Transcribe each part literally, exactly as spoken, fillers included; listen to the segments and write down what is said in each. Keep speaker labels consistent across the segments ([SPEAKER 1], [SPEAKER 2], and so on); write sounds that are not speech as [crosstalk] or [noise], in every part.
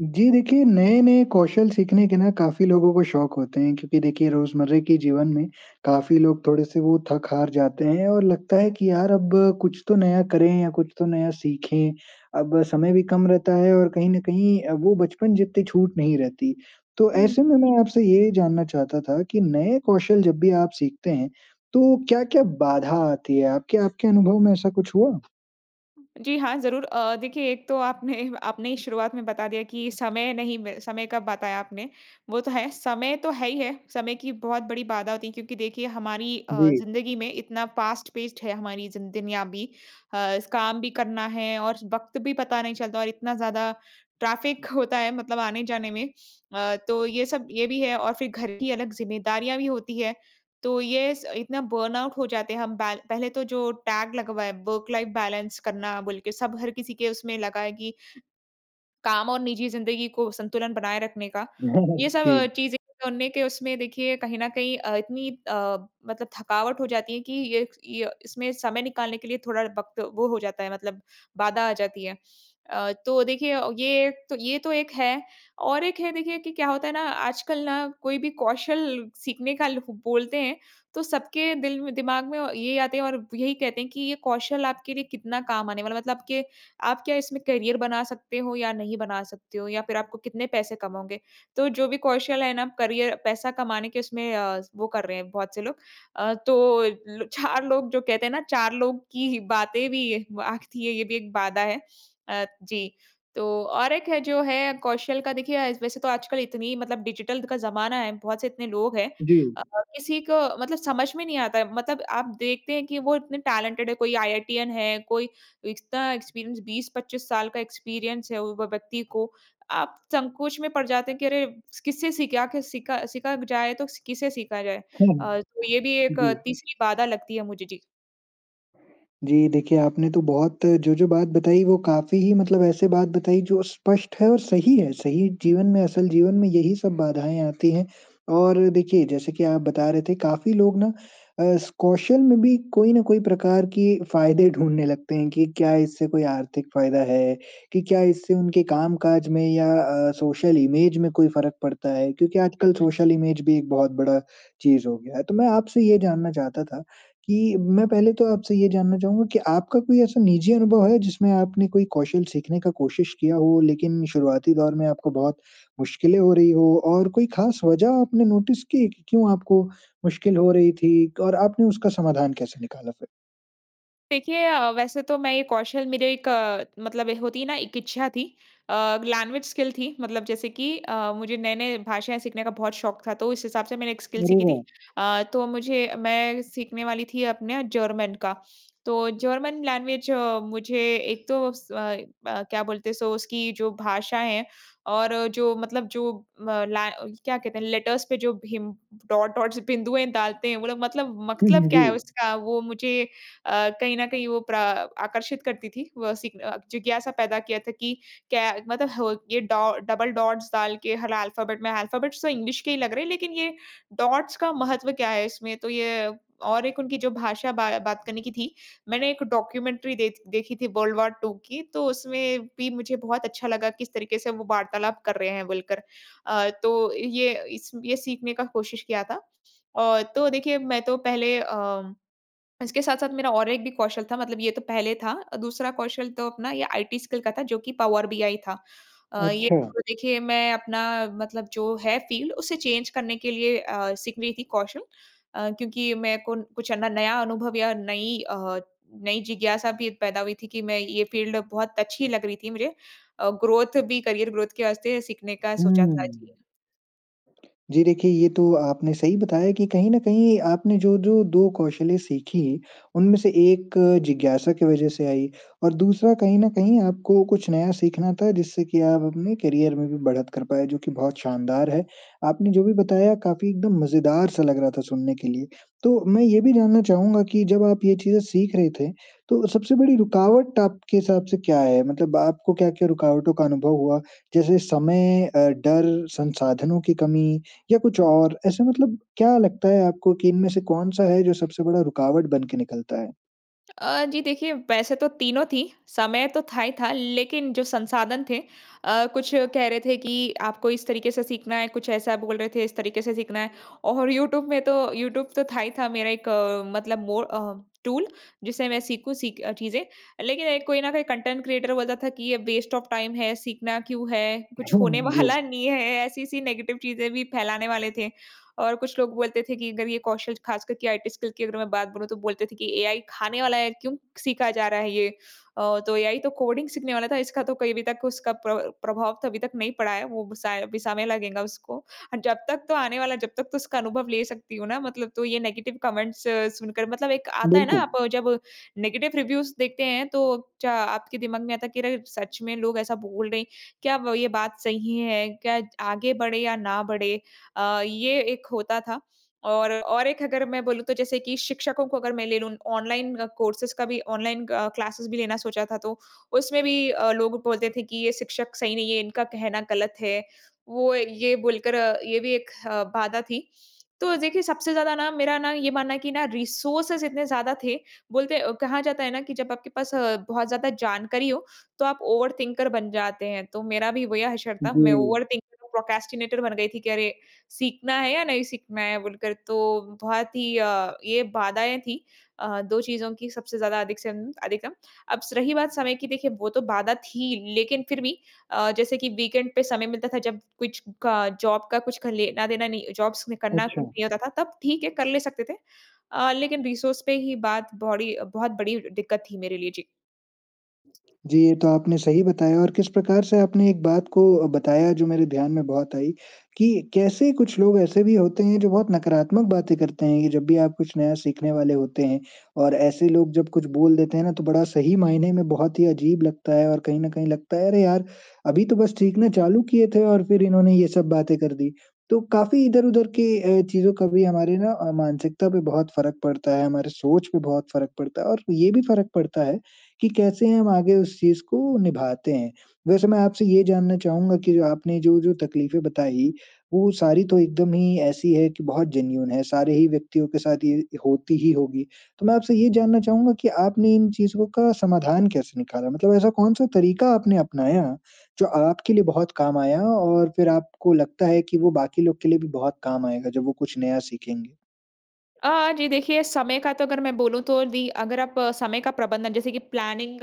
[SPEAKER 1] जी, देखिए नए-नए कौशल सीखने के ना काफ़ी लोगों को शौक होते हैं क्योंकि देखिए रोज़मर्रा के जीवन में, काफ़ी लोग थोड़े-से वो थक-हार जाते हैं और लगता है कि यार अब कुछ तो नया करें या कुछ तो नया सीखें, अब समय भी कम रहता है और कहीं न कहीं अ, वो बचपन जितनी छूट नहीं रहती। तो
[SPEAKER 2] हुँ।
[SPEAKER 1] ऐसे में मैं आपसे ये जानना चाहता था कि नए कौशल जब भी आप सीखते हैं, तो क्या-क्या बाधा आती है? आपके आपके अनुभव में ऐसा कुछ हुआ?
[SPEAKER 2] जी, हाँ, ज़रूर अ, देखिए एक तो आपने आपने ही शुरुआत में बता दिया कि समय नहीं ब समय का बताया आपने, वो तो है। समय तो है ही है, समय की बहुत बड़ी बाधा होती है क्योंकि देखिए हमारी अ,
[SPEAKER 1] जी।
[SPEAKER 2] ज़िंदगी में इतना फास्ट-पेस्ड है हमारी ज़िं दुनिया भी अ, स काम भी करना है और वक्त भी पता नहीं चलता और इतना ज़्यादा ट्रैफिक होता है मतलब आने-जाने में। अ, तो ये सब ये भी है और फिर घर की अलग ज़िम्मेदारियाँ भी होती हैं, तो ये स इतना बर्नआउट हो जाते हैं हम बै पहले तो जो टैग लगवाया वर्क-लाइफ बैलेंस करना बोल के सब हर किसी के उसमें लगा है कि काम और निजी ज़िंदगी को संतुलन बनाए रखने का। ये
[SPEAKER 1] [chuckles]
[SPEAKER 2] सब
[SPEAKER 1] जी।
[SPEAKER 2] चीज़ें सुनने के उसमें देखिए कहीं न कहीं अ, इतनी अ, मतलब थकावट हो जाती है कि ये ये इसमें समय निकालने के लिए थोड़ा वक़्त वो हो जाता है, मतलब बाधा आ जाती है। अ, तो देखिए अ, ये तो ये तो एक है। और एक है देखिए कि क्या होता है ना आजकल ना कोई भी कौशल सीखने का ल बोलते हैं, तो सबके दिल म दिमाग में औ ये आते हैं और यही कहते हैं कि ये कौशल आपके लिए कितना काम आने वाला है? मतलब के आप क्या इसमें करियर बना सकते हो या नहीं बना सकते हो या फिर आपको कितने पैसे कमाओगे? तो जो भी कौशल है ना करियर पैसा कमाने के उसमें अ, वो कर रहे हैं बहुत से लोग। अ, तो लो चार लोग जो कहते हैं ना चार लोग की बातें भी व आती हैं, ये भी एक बाधा है अ, जी। तो और एक है जो है कौशल का देखिए आज वैसे तो आजकल इतनी मतलब डिजिटल का ज़माना है, बहुत से इतने लोग हैं
[SPEAKER 1] जी।
[SPEAKER 2] और किसी को मतलब समझ में नहीं आता है, मतलब आप देखते हैं कि वो इतने टैलेंटेड हैं कोई आईआईटीएन है, कोई इतना एक्सपीरियंस बीस-पच्चीस साल का एक्सपीरियंस है वो व व्यक्ति को आप संकोच में पड़ जाते हैं कि अरे किससे सीखा आखिर सीखा सीखा जाए तो किससे सीखा जाए?
[SPEAKER 1] हुँ,
[SPEAKER 2] अ, तो ये भी एक
[SPEAKER 1] जी।
[SPEAKER 2] अ, तीसरी बाधा लगती है मुझे। जी।
[SPEAKER 1] जी, देखिए आपने तो बहुत जो-जो बात बताई वो काफ़ी ही मतलब ऐसे बात बताई जो स्पष्ट है और सही है, सही जीवन में असल जीवन में यही सब बाधाएँ आती हैं और देखिए जैसे कि आप बता रहे थे काफ़ी लोग ना अ, इस कौशल में भी कोई ना कोई प्रकार की फ़ायदे ढूँढने लगते हैं कि क्या इससे कोई आर्थिक फ़ायदा है, कि क्या इससे उनके कामकाज में या अ, सोशल इमेज में कोई फ़र्क पड़ता है, क्योंकि आजकल सोशल इमेज भी एक बहुत बड़ा चीज़ हो गया है। तो मैं आपसे ये जानना चाहता था कि मैं पहले तो आपसे ये जानना चाहूँगा कि आपका कोई ऐसा निजी अनुभव है जिसमें आपने कोई कौशल सीखने का कोशिश किया हो लेकिन शुरुआती दौर में आपको बहुत मुश्किलें हो रही हो और कोई ख़ास वजह आपने नोटिस की, कि क्यों आपको मुश्किल हो रही थी और आपने उसका समाधान कैसे निकाला फिर?
[SPEAKER 2] देखिए अ, वैसे तो मैं ये कौशल मेरे एक मतलब ए होती है ना एक इच्छा थी। अ, लैंग्वेज स्किल थी मतलब जैसे कि अ, मुझे नए-नए भाषाएँ सीखने का बहुत शौक था तो इस हिसाब से मैंने एक स्किल
[SPEAKER 1] अरे
[SPEAKER 2] सीखी थी
[SPEAKER 1] वाह!
[SPEAKER 2] अ, तो मुझे मैं सीखने वाली थी अपना जर्मन का, तो जर्मन लैंग्वेज मुझे एक तो स अ अ, क्या बोलते हैं सो उसकी जो भाषाएँ हैं और जो मतलब जो म लैं क्या कहते हैं लेटर्स पे जो हिम डॉट डॉट्स बिंदुएँ डालते हैं वो लोग मतलब
[SPEAKER 1] हुँ,
[SPEAKER 2] मतलब
[SPEAKER 1] हुँ,
[SPEAKER 2] क्या
[SPEAKER 1] जी।
[SPEAKER 2] है उसका वो मुझे अ, कहीं न कहीं वो प्र आकर्षित करती थी। वो सीखना जिज्ञासा पैदा किया था कि, क्या मतलब हो ये डॉ डबल डॉट्स डाल के हल अल्फाबेट में, अल्फाबेट्स तो इंग्लिश के ही लग रहे हैं लेकिन ये डॉट्स का महत्व क्या है इसमें, तो ये और एक उनकी जो भाषा बा बात करने की थी। मैंने एक डॉक्यूमेंट्री दे देखी थी वर्ल्ड वार टू की तो उसमें भी मुझे बहुत अच्छा लगा किस तरीके से वो वार्तालाप कर रहे हैं बोलकर। अ, तो ये इस ये सीखने का कोशिश किया था। अ, तो देखिए मैं तो पहले अम, इसके साथ-साथ मेरा और एक भी कौशल था मतलब ये तो पहले था। अ, दूसरा कौशल तो अपना ये आईटी स्किल का था जो कि पावर बीआई था। अ, ये
[SPEAKER 1] अच्छा।
[SPEAKER 2] तो देखिए मैं अपना मतलब जो है फील्ड उसे चेंज करने के लिए अ, सीख रही थी कौशल अ, क्योंकि मेरे को कुछ है ना नया अनुभव या नई, अ, नई जिज्ञासा भी पैदा हुई थी कि मैं ये फील्ड बहुत अच्छी लग रही थी मुझे। अ, ग्रोथ भी करियर ग्रोथ के वास्ते सीखने का सोचा था, जी।
[SPEAKER 1] हुँ। जी, देखिए ये तो आपने सही बताया कि कहीं न कहीं आपने जो-जो दो कौशलें सीखीं, उनमें से एक जिज्ञासा की वजह से आई और दूसरा कहीं न कहीं आपको कुछ नया सीखना था जिससे कि आप अपने करियर में भी बढ़त कर पाएँ जो कि बहुत शानदार है। आपने जो भी बताया काफ़ी एकदम मज़ेदार सा लग रहा था सुनने के लिए। तो मैं ये भी जानना चाहूँगा कि जब आप ये चीज़ें सीख रहे थे, तो सबसे बड़ी रुकावट आपके हिसाब से क्या है मतलब आपको क्या-क्या रुकावटों का अनुभव हुआ? जैसे समय अ, डर, संसाधनों की कमी या कुछ और? ऐसे मतलब क्या लगता है आपको कि इनमें से कौन-सा है जो सबसे बड़ा रुकावट बन के निकलता है?
[SPEAKER 2] अ, जी देखिए वैसे तो तीनों थी, समय तो था ही था, लेकिन जो संसाधन थे अ, कुछ कह रहे थे कि आपको इस तरीके से सीखना है, कुछ ऐसा बोल रहे थे इस तरीके से सीखना है और यूट्यूब में तो, यूट्यूब तो था ही था मेरा एक अ, मतलब मोर अ, टूल जिसे मैं सीखूँ सीख अ, चीज़ें, लेकिन एक कोई ना कोई कंटेंट क्रिएटर बोलता था कि ये वेस्ट ऑफ टाइम है, सीखना क्यों है, कुछ
[SPEAKER 1] हुँ,
[SPEAKER 2] होने
[SPEAKER 1] हुँ, जी।
[SPEAKER 2] वाला नहीं है ऐसी-ऐसी नेगेटिव चीज़ें भी फैलाने वाले थे और कुछ लोग बोलते थे कि अगर ये कौशल, ख़ास करके आईटी स्किल की अगर मैं बात बोलूँ, तो बोलते थे कि एआई खाने वाला है, क्यों सीखा जा रहा है ये? अ, तो एआई तो कोडिंग सीखने वाला था, इसका तो कहीं भी तक उसका प्र प्रभाव तो अभी तक नहीं पड़ा है, वो साय अभी समय में लगेगा उसको और जब तक तो आने वाला, जब तक तो उसका अनुभव ले सकती हूँ ना मतलब, तो ये नेगेटिव कमेंट्स सुनकर मतलब एक आता है ना
[SPEAKER 1] बिल्कुल।
[SPEAKER 2] आप जब नेगेटिव रिव्यूज़ देखते हैं तो च आपके दिमाग में आता है कि अगर सच में लोग ऐसा बोल रहे हैं, क्या ब ये बात सही है? क्या आगे बढ़े या ना बढ़े अ, ये एक होता था और और एक अगर मैं बोलूँ तो जैसे कि शिक्षकों को अगर मैं ले लूँ, ऑनलाइन कोर्सेज़ का भी, ऑनलाइन अ, क्लासेज़ भी लेना सोचा था, तो उसमें भी अ, लोग बोलते थे कि ये शिक्षक सही नहीं हैं, इनका कहना गलत है, वो ये बोलकर अ, ये भी एक अ, बाधा थी, तो देखिए सबसे ज़्यादा ना मेरा ना ये मानना है कि ना रिसोर्सेज़ इतने ज़्यादा थे, बोलते अ, कहा जाता है ना कि जब आपके पास अ, बहुत ज़्यादा जानकारी हो, तो आप ओवरथिंकर बन जाते हैं तो मेरा भी वही हशर था, मैं
[SPEAKER 1] जी।
[SPEAKER 2] ओवरथिंकर प्रोक्रास्टिनेटर बन गई थी कि अरे, सीखना है या नहीं सीखना है बोलकर, तो बहुत ही अ, ये बाधाएँ थी अ, दो चीज़ों की सबसे ज़्यादा अधिक से अधिकतम। अब स रही बात समय की, देखिए वो तो बाधा थी, लेकिन फिर भी अ, जैसे कि वीकेंड पे समय मिलता था, जब कुछ क जॉब का कुछ ख लेना देना नहीं जॉब्स करना
[SPEAKER 1] अच्छा।
[SPEAKER 2] नहीं होता था, तब ठीक है कर ले सकते थे। अ, लेकिन रिसोर्स पे ही बात बोड़ी बहुत बड़ी दिक्कत थी मेरे लिए, जी।
[SPEAKER 1] जी ये तो आपने सही बताया और किस प्रकार से आपने एक बात को बताया जो मेरे ध्यान में बहुत आई, कि कैसे कुछ लोग ऐसे भी होते हैं जो बहुत नकारात्मक बातें करते हैं कि जब भी आप कुछ नया सीखने वाले होते हैं और ऐसे लोग जब कुछ बोल देते हैं ना तो बड़ा सही मायने में बहुत ही अजीब लगता है और कहीं न कहीं लगता है अरे यार, अभी तो बस सीखना चालू किए थे और फिर इन्होंने ये सब बातें कर दी। तो काफ़ी इधर-उधर के अ, चीज़ों का भी हमारे ना अ, मानसिकता पे बहुत फ़र्क पड़ता है, हमारे सोच पे बहुत फ़र्क पड़ता है और ये भी फ़र्क पड़ता है, कि कैसे हम आगे उस चीज़ को निभाते हैं। वैसे मैं आपसे ये जानना चाहूँगा कि जो आपने जो जो तकलीफें बताई, वो सारी तो एकदम ही ऐसी है कि बहुत जेनुइन है, सारे ही व्यक्तियों के साथ ये होती ही होगी। तो मैं आपसे ये जानना चाहूँगा कि आपने इन चीज़ों का समाधान कैसे निकाला? मतलब ऐसा कौन-सा तरीका आपने अपनाया, जो आपके लिए बहुत काम आया? और फिर आपको लगता है कि वो बाकी लोग के लिए भी बहुत काम आएगा जब वो कुछ नया सीखेंगे।
[SPEAKER 2] अ, जी, देखिए समय का तो अगर मैं बोलूँ तो दी अगर आप समय का प्रबंधन, जैसे कि प्लानिंग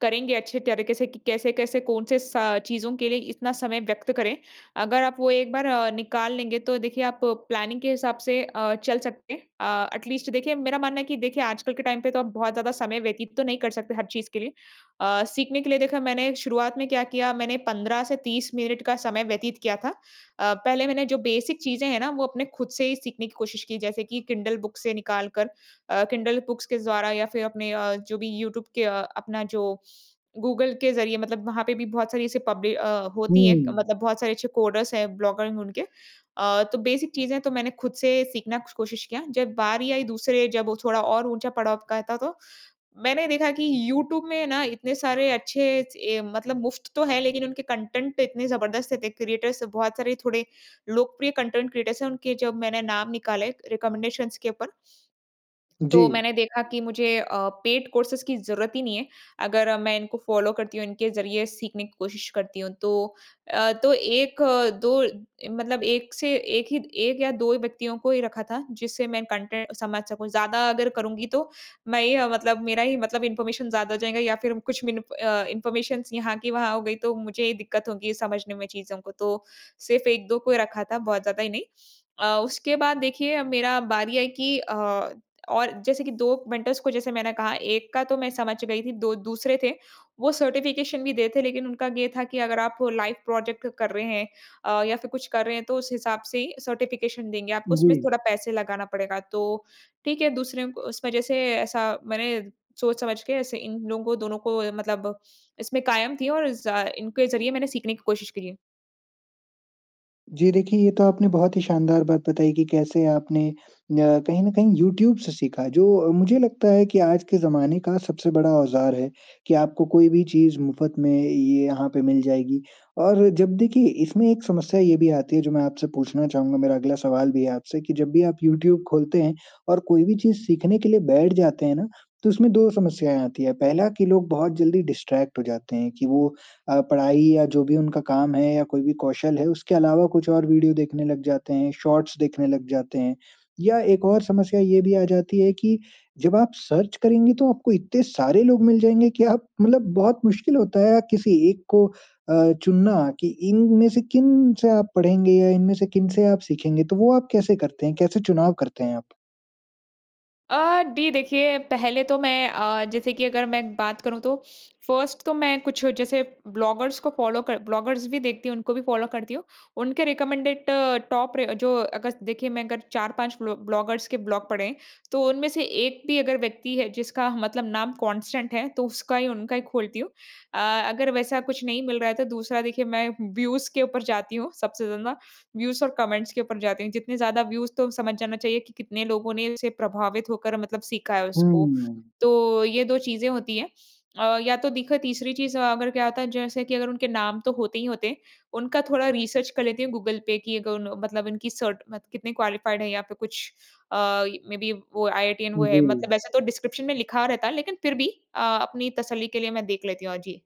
[SPEAKER 2] करेंगे, अच्छे तरीके से कि कैसे-कैसे कौन से स चीज़ों के लिए इतना समय व्यक्त करें? अगर आप वो एक बार निकाल लेंगे तो देखिए आप प्लानिंग के हिसाब से अ, चल सकते हैं। अ, एटलीस्ट देखिए मेरा मानना है कि देखिए आजकल के टाइम पे तो आप बहुत ज़्यादा समय व्यतीत तो नहीं कर सकते हर चीज़ के लिए। अ, सीखने के लिए देखिए मैंने शुरुआत में क्या किया मैंने पंद्रह से तीस मिनट का समय व्यतीत किया था। अ, पहले मैंने जो बेसिक चीज़ें हैं ना वो अपने ख़ुद से ही सीखने की कोशिश की। जैसे कि किंडल बुक से निकाल कर अ, किंडल बुक्स के द्वारा। या फ़िर अपने अ, जो भी यूट्यूब के अ, अपना जो गूगल के ज़रिए मतलब वहाँ पे भी बहुत सारी ऐसी पब्लि अ, होती है।
[SPEAKER 1] हुँ।
[SPEAKER 2] मतलब बहुत सारे अच्छे कोडर्स हैं ब्लॉगर में उनके। अ, तो बेसिक चीज़ें तो मैंने ख़ुद से सीखना कोशिश किया। जब बारी आई दूसरे जब वो थोड़ा और ऊँचा पड़ाव का था तो, मैंने देखा कि यूट्यूब में ना इतने सारे अच्छे ऐ मतलब मुफ़्त तो हैं। लेकिन उनके कंटेंट तो इतने जबरदस्त थे क्रिएटर्स बहुत सारे थोड़े लोकप्रिय कंटेंट क्रिएटर्स हैं। उनके जब मैंने नाम निकाले, रिकमेंडेशंस के ऊपर। तो
[SPEAKER 1] जी।
[SPEAKER 2] मैंने देखा कि मुझे अ, पेड कोर्सेंज़ की ज़रूरत ही नहीं है। अगर मैं इनको फॉलो करती हूँ इनके ज़रिए सीखने की कोशिश करती हूँ तो। अ, तो एक अ, दो मतलब एक से एक ही एक या दो व्यक्तियों को ही रखा था, जिससे मैं कंटेंट समझ सकूँ। ज़्यादा अगर करूँगी तो मैं ही मतलब मेरा ही मतलब इन्फॉर्मेशन ज़्यादा हो जाएगा या फ़िर कुछ मि अ, इन्फॉर्मेशन यहाँ की वहाँ हो गई। तो मुझे ही दिक्कत होगी समझने में चीज़ों को, तो सिर्फ एक-दो को ही रखा था बहुत ज़्यादा ही नहीं। अ, उसके बाद देखिए मेरा बारी है कि अ, और जैसे कि दो मेंटर्स को जैसे मैंने कहा, एक का तो मैं समझ गई थी दो दूसरे थे वो सर्टिफिकेशन भी दे रहे थे। लेकिन उनका ये था कि अगर आप लाइव प्रोजेक्ट कर रहे हैं अ, या फ़िर कुछ कर रहे हैं। तो उस हिसाब से ही सर्टिफिकेशन देंगे आपको, उसमें
[SPEAKER 1] जी।
[SPEAKER 2] थोड़ा पैसे लगाना पड़ेगा। तो ठीक है, दूसरे उस वजह से ऐसा मैंने सोच-समझ के ऐसे इन लोगों को दोनों को मतलब इसमें कायम थी और ज इनके ज़रिए मैंने सीखने की कोशिश करी है।
[SPEAKER 1] जी, देखिए ये तो आपने बहुत ही शानदार बात बताई है कि कैसे आपने अ, कहीं न कहीं यूट्यूब से सीखा जो मुझे लगता है कि आज के ज़माने का सबसे बड़ा औज़ार है, कि आपको कोई भी चीज़ मुफ़्त में ये यहाँ पे मिल जाएगी और जब देखिए इसमें एक समस्या ये भी आती है जो मैं आपसे पूछना चाहूँगा, मेरा अगला सवाल भी है आपसे कि जब भी आप यूट्यूब खोलते हैं और कोई भी चीज़ सीखने के लिए बैठ [smacks lips] जाते हैं ना, तो उसमें दो समस्याएँ आती हैं पहला कि लोग बहुत जल्दी डिस्ट्रैक्ट हो जाते हैं कि वो अ, पढ़ाई या जो भी उनका काम है या कोई भी कौशल है, उसके अलावा [smacks lips] कुछ और वीडियो देखने लग जाते हैं, शॉर्ट्स देखने लग जाते हैं। या एक और समस्या ये भी आ जाती है कि जब आप सर्च करेंगी तो आपको इतने सारे लोग मिल जाएँगे कि आप मतलब बहुत मुश्किल होता है किसी एक को अ, चुनना कि इनमें से किन से आप पढ़ेंगे या इनमें से किन से आप सीखेंगे, तो वो आप कैसे करते हैं? कैसे चुनाव करते हैं आप?
[SPEAKER 2] अ, डी देखिए पहले तो मैं अ, जैसे कि अगर मैं बात करूँ, तो फर्स्ट तो मैं कुछ जैसे ब्लॉगर्स को फॉलो कर ब्लॉगर्स भी देखती हूँ, उनको भी फॉलो करती हूँ। उनके रिकमेंडेड टॉप र जो अगर देखिए मैं अगर चार पाँच ब्लो ब्लॉगर्स के ब्लॉग पढ़ें हैं, तो उनमें से एक भी अगर व्यक्ति है, जिसका मतलब नाम कांस्टेंट है, तो उसका ही उनका ही खोलती हूँ। अ, अगर वैसा कुछ नहीं मिल रहा है, तो दूसरा देखिए मैं व्यूज के ऊपर जाती हूँ। सबसे ज़्यादा व्यूज और कमेंट्स के ऊपर जाती हूँ, जितने ज़्यादा व्यूज तो समझ जाना चाहिए कि कितने लोगों ने इससे प्रभावित होकर मतलब सीखा है उसको।
[SPEAKER 1] हम्म।
[SPEAKER 2] तो ये दो चीज़ें होती हैं अ, या तो दिखो तीसरी चीज़ अगर क्या होता है जैसे कि अगर उनके नाम तो होते ही होते हैं, उनका थोड़ा रिसर्च कर लेती हूँ, गूगल पे कि अगर उन मतलब उनकी सर्ट मत कितनी क्वालिफाइड हैं यहाँ पे कुछ अ, मेबी वो आईआईटीटीएन वो है, मतलब
[SPEAKER 1] जी।
[SPEAKER 2] वैसे तो डिस्क्रिप्शन में लिखा रहता है लेकिन फिर भी अ, अपनी तसल्ली के लिए मैं देख लेती हूँ अ, जी।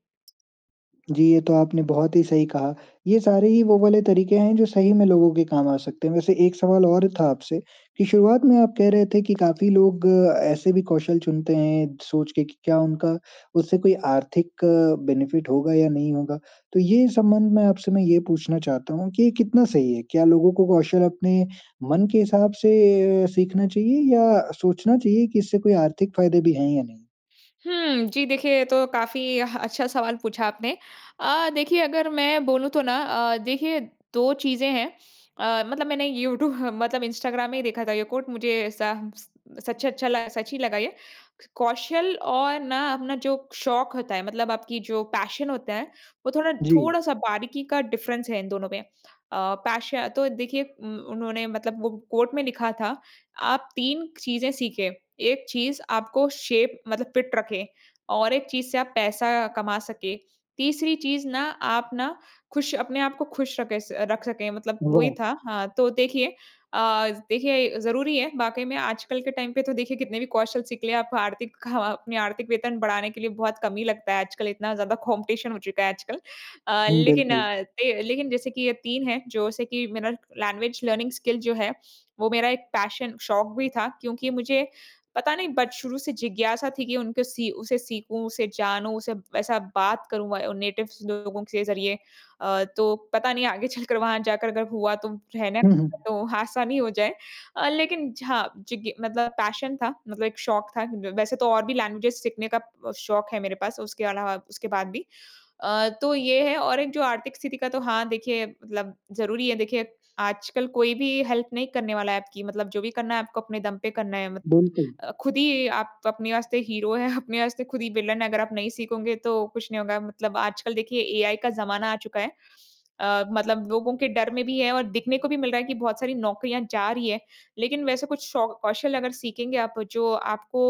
[SPEAKER 1] जी, ये तो आपने बहुत ही सही कहा। ये सारे ही वो वाले तरीके हैं, जो सही में लोगों के काम आ सकते हैं। वैसे एक सवाल और था आपसे, कि शुरुआत में आप कह रहे थे कि काफ़ी लोग ऐसे भी कौशल चुनते हैं सोच के कि क्या उनका उससे कोई आर्थिक बेनिफ़िट होगा या नहीं होगा? तो ये संबंध में आपसे मैं ये पूछना चाहता हूँ कि कितना सही है? क्या लोगों को कौशल अपने मन के हिसाब से सीखना चाहिए या सोचना चाहिए कि इससे कोई आर्थिक फ़ायदे भी हैं या नहीं?
[SPEAKER 2] हुँ, जी देखिए ये तो काफ़ी ह अच्छा सवाल पूछा आपने। अ, देखिए अगर मैं बोलूँ तो ना अ, देखिए दो चीज़ें हैं अ, मतलब मैंने यूट्यू मतलब इंस्टाग्राम में ही देखा था ये कोट मुझे ऐसा स सच्चे अच्छा ला सच ही लगा ये। कौशल और ना अपना जो शौक होता है, मतलब आपकी जो पैशन होता है, वो थोड़ा
[SPEAKER 1] जी।
[SPEAKER 2] थोड़ा-सा बारीकी का डिफ़रेंस है इन दोनों में। अ, पैश तो देखिए उ उन्होंने मतलब वो कोट में लिखा था, आप तीन चीज़ें सीखें, एक चीज़ आपको शेप मतलब फिट रखें और एक चीज़ से आप पैसा कमा सकें। तीसरी चीज़ ना आप ना खुश अपने आपको खुश रखें स रख सकें मतलब वही
[SPEAKER 1] नो।
[SPEAKER 2] था। हाँ, तो देखिए अ, देखिए अ, ज़रूरी है वाक़ई में आजकल के टाइम पे तो देखिए कितने भी कौशल सीख लें, आप आर्थिक खा अपनी आर्थिक वेतन बढ़ाने के लिए बहुत कम ही लगता है आजकल इतना ज़्यादा कॉम्पिटिशन हो चुका है आजकल। अ,
[SPEAKER 1] हुँ,
[SPEAKER 2] लेकिन
[SPEAKER 1] बिल्कुल।
[SPEAKER 2] अ, थे लेकिन जैसे कि ये तीन है जैसे कि मेरा लैंग्वेज लर्निंग स्किल जो है, वो मेरा एक पैशन शौक भी था क्योंकि मुझे, पता नहीं बच शुरू से जिज्ञासा थी कि उनको सी उसे सीखूँ, उसे जानूँ, उसे ऐसा बात करूँ व नेटिव लोगों के ज़रिए। अ, तो पता नहीं आगे चलकर, वहाँ जाकर अगर हुआ, तो रहना
[SPEAKER 1] हुँ, हुँ।
[SPEAKER 2] तो आसानी हो जाए। अ, लेकिन झ जिज्ञ मतलब पैशन था मतलब एक शौक़ था अ, वैसे तो और भी लैंग्वेजेस सीखने का अ, शौक़ है मेरे पास, उसके अलावा उसके बाद भी। अ, तो ये है और एक जो आर्थिक स्थिति का तो हाँ, देखिए मतलब ज़रूरी है देखिए, आजकल कोई भी हेल्प नहीं करने वाला है आपकी मतलब जो भी करना है आपको अपने दम पे करना है मत
[SPEAKER 1] बिल्कुल।
[SPEAKER 2] अ, ख़ुद ही आप अपने वास्ते हीरो हैं अपने वास्ते ख़ुद ही विलन है, अगर आप नहीं सीखोंगे तो कुछ नहीं होगा मतलब आजकल देखिए एआई का ज़माना आ चुका है। अ, मतलब लोगों के डर में भी है और दिखने को भी मिल रहा है कि बहुत सारी नौकरियाँ जा रही है। लेकिन वैसे कुछ शौ कौशल अगर सीखेंगे आप जो आपको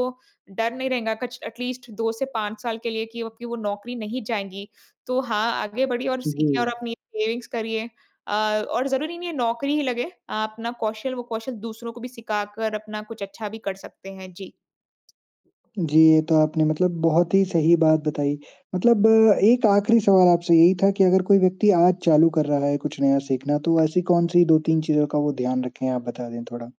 [SPEAKER 2] डर नहीं रहेंगा कछ एटलीस्ट दो से पाँच साल के लिए कि आपकी वो क्यों नौकरी नहीं जाएँगी, तो हाँ आगे बढ़िए और सीखें और
[SPEAKER 1] जी।
[SPEAKER 2] अपनी सेविंग्स करिए अ, और ज़रूरी नहीं है नौकरी ही लगे, आप ना कौशल वो कौशल दूसरों को भी सिखाकर अपना कुछ अच्छा भी कर सकते हैं, जी।
[SPEAKER 1] जी, ये तो आपने मतलब बहुत ही सही बात बताई। मतलब अ, एक आखिरी सवाल आपसे यही था कि अगर कोई व्यक्ति आज चालू कर रहा है कुछ नया सीखना। तो वो ऐसी कौन-सी दो-तीन चीज़ों का वो ध्यान रखें? आप बता दें थोड़ा।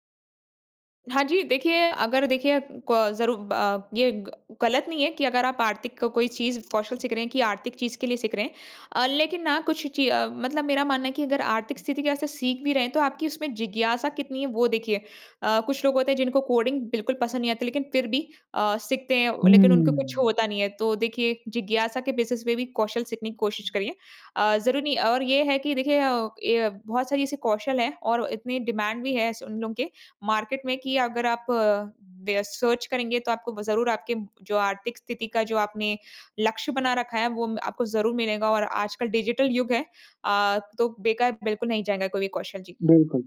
[SPEAKER 2] हाँ जी, देखिए अगर देखिए अ, क ज़रूर अ, ये ग गलत नहीं है कि अगर आप आर्थिक का कोई चीज़ कौशल से करें कि आर्थिक चीज़ के लिए सीख रहे हैं। अ, लेकिन ना कुछ चीज़ अ, मतलब मेरा मानना है कि अगर आर्थिक स्थिति के ऐसे सीख भी रहे हैं तो आपकी उसमें जिज्ञासा कितनी है वो देखिए। अ, कुछ लोग होते हैं जिनको कोडिंग बिल्कुल पसंद नहीं आती। लेकिन फ़िर भी अ, सीखते हैं व लेकिन उनको कुछ
[SPEAKER 1] हुँ।
[SPEAKER 2] होता नहीं है। तो देखिए जिज्ञासा के बेसिस पे भी कौशल सीखने की कोशिश करिए। अ, ज़रूरी नहीं और ये है कि देखिए अ, य बहुत सारी ऐसी कौशल हैं और इतनी डिमांड भी है। स उन लोगों के मार्केट में कि अगर आप अ, दे सर्च करेंगे तो आपको ब ज़रूर आपके जो आर्थिक स्थिति का जो आपने लक्ष्य बना रखा है। वो म आपको ज़रूर मिलेगा और आजकल डिजिटल युग है, अ, तो बेकार बिल्कुल नहीं जाएगा कोई भी कौशल। जी।
[SPEAKER 1] बिल्कुल।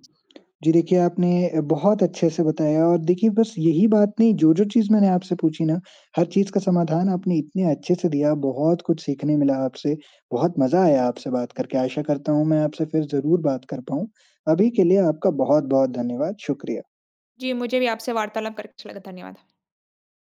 [SPEAKER 1] जी, देखिए आपने बहुत अच्छे से बताया। और देखिए बस यही बात नहीं, जो-जो चीज़ मैंने आपसे पूछी ना, हर चीज़ का समाधान आपने इतने अच्छे से दिया। बहुत कुछ सीखने मिला आपसे, बहुत मज़ा आया आपसे बात करके। आशा करता हूँ मैं आपसे फ़िर ज़रूर बात कर पाऊँ, अभी के लिए आपका बहुत-बहुत धन्यवाद। शुक्रिया।
[SPEAKER 2] जी, मुझे भी आपसे वार्तालाप करके अच्छा लगा। धन्यवाद।